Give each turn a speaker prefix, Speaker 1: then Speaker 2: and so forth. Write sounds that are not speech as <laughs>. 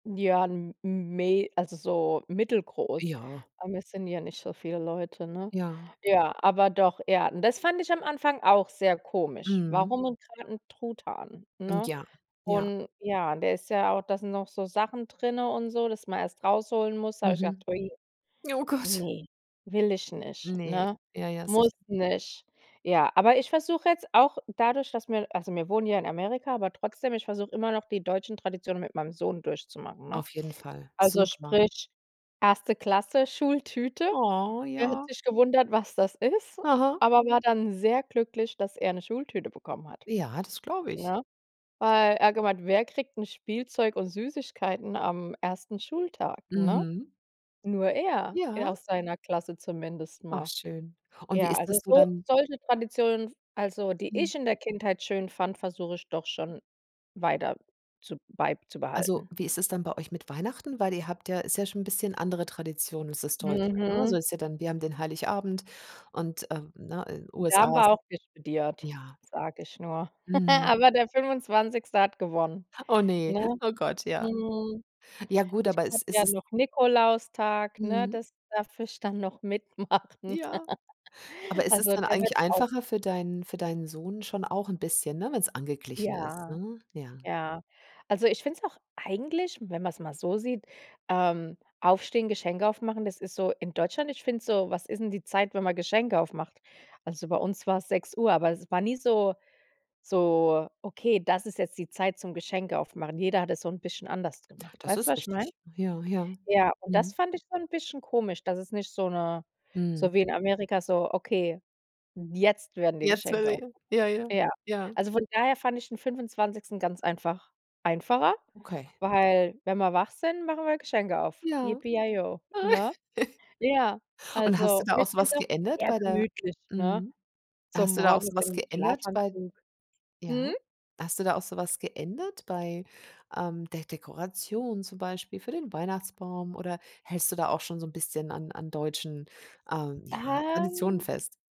Speaker 1: Ja, m mei also, so mittelgroß.
Speaker 2: Ja.
Speaker 1: Aber wir sind ja nicht so viele Leute, ne?
Speaker 2: Ja.
Speaker 1: Ja, aber doch, er und das fand ich am Anfang auch sehr komisch.
Speaker 2: Mhm.
Speaker 1: Warum denn gerade 'n Truthahn,
Speaker 2: Und
Speaker 1: ne?
Speaker 2: ja, ja.
Speaker 1: Und, ja, der ist ja au da sind noch so Sachen drinne und so, dass man erst rausholen muss, da habe ich
Speaker 2: Mhm.
Speaker 1: gedacht: „Ui,
Speaker 2: Oh Gott!
Speaker 1: ne, will ich nicht",
Speaker 2: Ne,
Speaker 1: ne?
Speaker 2: ja, ja,
Speaker 1: Muss
Speaker 2: sicher.
Speaker 1: nicht. Ja, aber ich versuche jetzt auch dadurch, dass wir also wir wohnen ja in Amerika, aber trotzdem, ich versuche immer noch die deutschen Traditionen mit meinem Sohn durchzumachen, ne?
Speaker 2: Auf jeden Fall
Speaker 1: Also
Speaker 2: super.
Speaker 1: sprich 1. Klasse Schultüte.
Speaker 2: Oh,
Speaker 1: Er hat
Speaker 2: ja.
Speaker 1: sich gewundert, was das ist,
Speaker 2: Aha.
Speaker 1: aber war dann sehr glücklich, dass er 'ne Schultüte bekommen hat,
Speaker 2: Ja, das glaube ich.
Speaker 1: ne? Weil er gemeint: „Wer kriegt 'n Spielzeug und Süßigkeiten am ersten Schultag“, ne?
Speaker 2: Mhm.
Speaker 1: Nur er. Er
Speaker 2: Ja.
Speaker 1: aus seiner Klasse zumindest
Speaker 2: Ach
Speaker 1: mal.
Speaker 2: schön. Und wie
Speaker 1: Ja,
Speaker 2: ist
Speaker 1: also
Speaker 2: das so
Speaker 1: so
Speaker 2: dann
Speaker 1: solche Traditionen f also, die
Speaker 2: Hm.
Speaker 1: ich in der Kindheit schön fand, versuche ich doch schon weiter zu
Speaker 2: Also,
Speaker 1: beizubehalten.
Speaker 2: wie ist es dann bei euch mit Weihnachten? Weil ihr habt ja Ist ja schon 'n bisschen andere Tradition als das Deutsche, ne? So
Speaker 1: Mhm.
Speaker 2: ist ja dann wir haben den Heiligabend und, ähm, ne, in
Speaker 1: Da haben
Speaker 2: USA ist
Speaker 1: wir auch diskutiert,
Speaker 2: Ja.
Speaker 1: sage ich nur.
Speaker 2: Mhm.
Speaker 1: <laughs> Aber der 25. hat gewonnen,
Speaker 2: Oh, ne,
Speaker 1: ne?
Speaker 2: oh Gott, ja.
Speaker 1: Mhm.
Speaker 2: Ja gut,
Speaker 1: Ich
Speaker 2: aber es
Speaker 1: habe
Speaker 2: ist
Speaker 1: ja
Speaker 2: es
Speaker 1: noch Nikolaustag, ne,
Speaker 2: Mhm.
Speaker 1: das darf ich dann noch mitmachen.
Speaker 2: Ja, aber
Speaker 1: <laughs>
Speaker 2: es ist
Speaker 1: Also,
Speaker 2: dann
Speaker 1: der wird
Speaker 2: eigentlich
Speaker 1: auch
Speaker 2: einfacher für deinen für deinen Sohn schon auch 'n bisschen, ne, wenn's angeglichen ist,
Speaker 1: Ja,
Speaker 2: ne? Ja.
Speaker 1: ja. Also, ich finde es auch eigentlich, wenn man's mal so sieht, ähm aufstehen, Geschenke aufmachen, das ist so in Deutschland ich finde es so was ist denn die Zeit, wenn man Geschenke aufmacht? Also, bei uns war's 6:00, aber es war nie so so, okay, das ist jetzt die Zeit zum Geschenke aufmachen. Jeder hat es so 'n bisschen anders gemacht.
Speaker 2: Das
Speaker 1: Weißt du,
Speaker 2: ist
Speaker 1: was ich meine?
Speaker 2: richtig, ja, ja.
Speaker 1: Ja, und das
Speaker 2: Mhm.
Speaker 1: fand ich schon 'n bisschen komisch, dass es nicht so 'ne so
Speaker 2: Mhm.
Speaker 1: wie in Amerika so: „Okay, jetzt werden die
Speaker 2: Jetzt,
Speaker 1: Geschenke
Speaker 2: <unintelligible>
Speaker 1: aufgemacht."
Speaker 2: ja, ja,
Speaker 1: Ja,
Speaker 2: ja.
Speaker 1: also von daher fand ich den 25. ganz einfach einfacher,
Speaker 2: Okay.
Speaker 1: weil wenn wir wach sind, machen wir Geschenke auf.
Speaker 2: Ja.
Speaker 1: Yippee yay yo, ne?
Speaker 2: <laughs>
Speaker 1: Ja,
Speaker 2: Und hast du
Speaker 1: also
Speaker 2: da
Speaker 1: und
Speaker 2: auch
Speaker 1: ich
Speaker 2: so
Speaker 1: finde
Speaker 2: was
Speaker 1: es auch
Speaker 2: geändert
Speaker 1: eher
Speaker 2: bei der
Speaker 1: gemütlich, ne?
Speaker 2: Mhm.
Speaker 1: So
Speaker 2: Hast du da auch
Speaker 1: morgens
Speaker 2: so was
Speaker 1: im
Speaker 2: geändert bei
Speaker 1: Schlafanzug. Mhm.
Speaker 2: Ja. Hast du da auch so was geändert bei, ähm, der Dekoration zum Beispiel für den Weihnachtsbaum oder hältst du da auch schon so 'n bisschen an an deutschen, ähm, ja, Traditionen
Speaker 1: Ähm.
Speaker 2: fest?